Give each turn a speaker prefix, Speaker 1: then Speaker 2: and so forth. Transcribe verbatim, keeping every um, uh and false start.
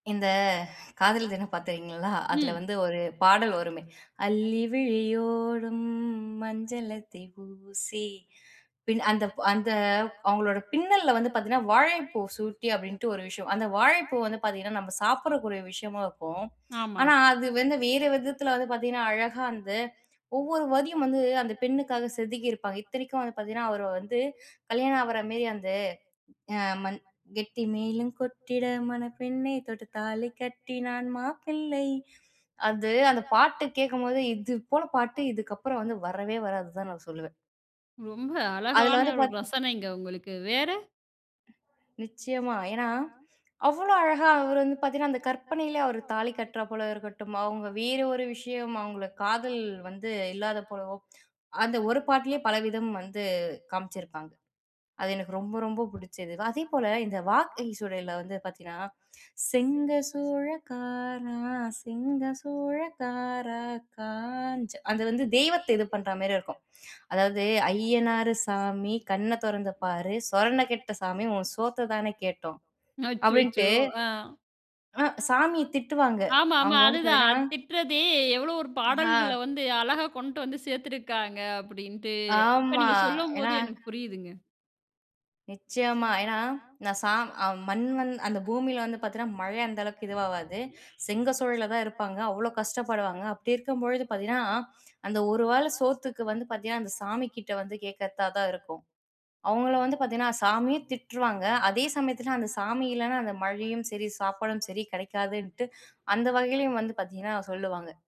Speaker 1: இந்த காதலர் தினம் பார்த்திருக்கீங்களா? அதில
Speaker 2: ம்.
Speaker 1: வந்து ஒரு பாடல் வருமே, அள்ளிவிழியோரம் மஞ்சளத்தை ஊசி பின் அந்த, அந்த அவுங்களோட பின்னல்ல வந்து பார்த்தீங்கன்னா, வாழைப்பூ சூட்டி அப்பிடின்ட்டு ஒரு விஷயம், அந்த வாழைப்பூ வந்து பார்த்தீங்கன்னா, நம்ம சாப்பிட்றக்கூடிய விஷயமா இருக்கும்,
Speaker 2: ஆமா.
Speaker 1: ஆனா, அது வந்து வேறு விதத்தில வந்து பார்த்தீங்கன்னா, அழகா வந்து ஒவ்வொரு வரியும் வந்து அந்த பெண்ணுக்காக செதுக்கிருப்பாங்க. இத்தனைக்கும் வந்து பார்த்தீங்கன்னா, அவர வந்து கல்யாணம் ஆவுறமேரி அந்த மண் கெட்டி மேளம் கொட்டிட மணப் பெண்ணே! தொட்டு தாலி கட்டினான் மாப்பிள்ளை அது அந்த பாட்டு கேட்கும்போது இது போல பாட்டு இதுக்கப்பறம் வந்து வரவே வராதுன்னு தான் நான் சொல்லுவேன்.
Speaker 2: ரொம்ப
Speaker 1: அதில
Speaker 2: அழகான
Speaker 1: வந்து
Speaker 2: ஒரு
Speaker 1: பார்த்தா
Speaker 2: ரசனைங்க உங்களுக்கு. வேற
Speaker 1: நிச்சயமா ஏன்னா, அவ்ளோ அழகா அவரு வந்து பார்த்தீங்கன்னா, அந்த கற்பனையிலே அவர் தாலி கட்டுறா போல இருக்கட்டும், அவுங்க வேற ஒரு விஷயம், அவுங்கள காதல் வந்து இல்லாத போலவோ! அந்த ஒரு பாட்டிலேயே பலவிதம் வந்து காமிச்சிருப்பாங்க. அது எனக்கு ரொம்ப, ரொம்ப பிடிச்சது. அதேபோல இந்த வாகை சூடையில வந்து பார்த்தீங்கன்னா, செங்க சூழகாரா! செங்க சூழகார காரா! காஞ்ச அது வந்து தெய்வத்தை இது பண்றாமாரி இருக்கும், அதாவது அய்யனாரு சாமி கண்ண தொறந்து பாரு, சொரண கெட்ட சாமி, உன் சோத்த தானே கேட்டோம்
Speaker 2: அச்சச்சோ!
Speaker 1: அப்பிடின்ட்டு
Speaker 2: ஆ.
Speaker 1: அ சாமிய திட்டுவாங்க.
Speaker 2: ஆமாமா.
Speaker 1: அவுங்க வந்து
Speaker 2: அதுதான்
Speaker 1: பார்த்தீங்கன்னா
Speaker 2: அ திட்டுறது எவ்ளோ ஒரு
Speaker 1: ஆ
Speaker 2: பாடல்கள்ல வந்து அழகா கொண்டு வந்து சேர்த்துருக்காங்க அப்பிடின்ட்டு, இப்ப
Speaker 1: ஆமா.
Speaker 2: நீங்க
Speaker 1: ஏன்னா,
Speaker 2: சொல்லும்போது எனக்கு புரியுதுங்க.
Speaker 1: நிச்சயமா. ஏன்னா நான் சா ஆ மண் வந் அந்த பூமியில வந்து பார்த்தீங்கன்னா, மழ அந்த அளவுக்கு இதுவாவாது. செங்க சூழையில தான் இருப்பாங்க, அவ்ளோ கஷ்டப்படுவாங்க. அப்பிடி இருக்கும்பொழுது பார்த்தீங்கன்னா, அந்த ஒரு வேள சோத்துக்கு வந்து பார்த்தீங்கன்னா, அந்த சாமிக்கிட்ட வந்து கேட்கிறதா தான் இருக்கும். அவுங்கள வந்து பார்த்தீங்கன்னா, சாமியும் திட்டுருவாங்க, அதே சமயத்துல அந்த சாமி இல்லன்னா அந்த மழையும் சரி, சாப்பாடும் சரி கிடைக்காதுன்ட்டு, அந்த வகையிலேயும் வந்து பார்த்தீங்கன்னா சொல்லுவாங்க.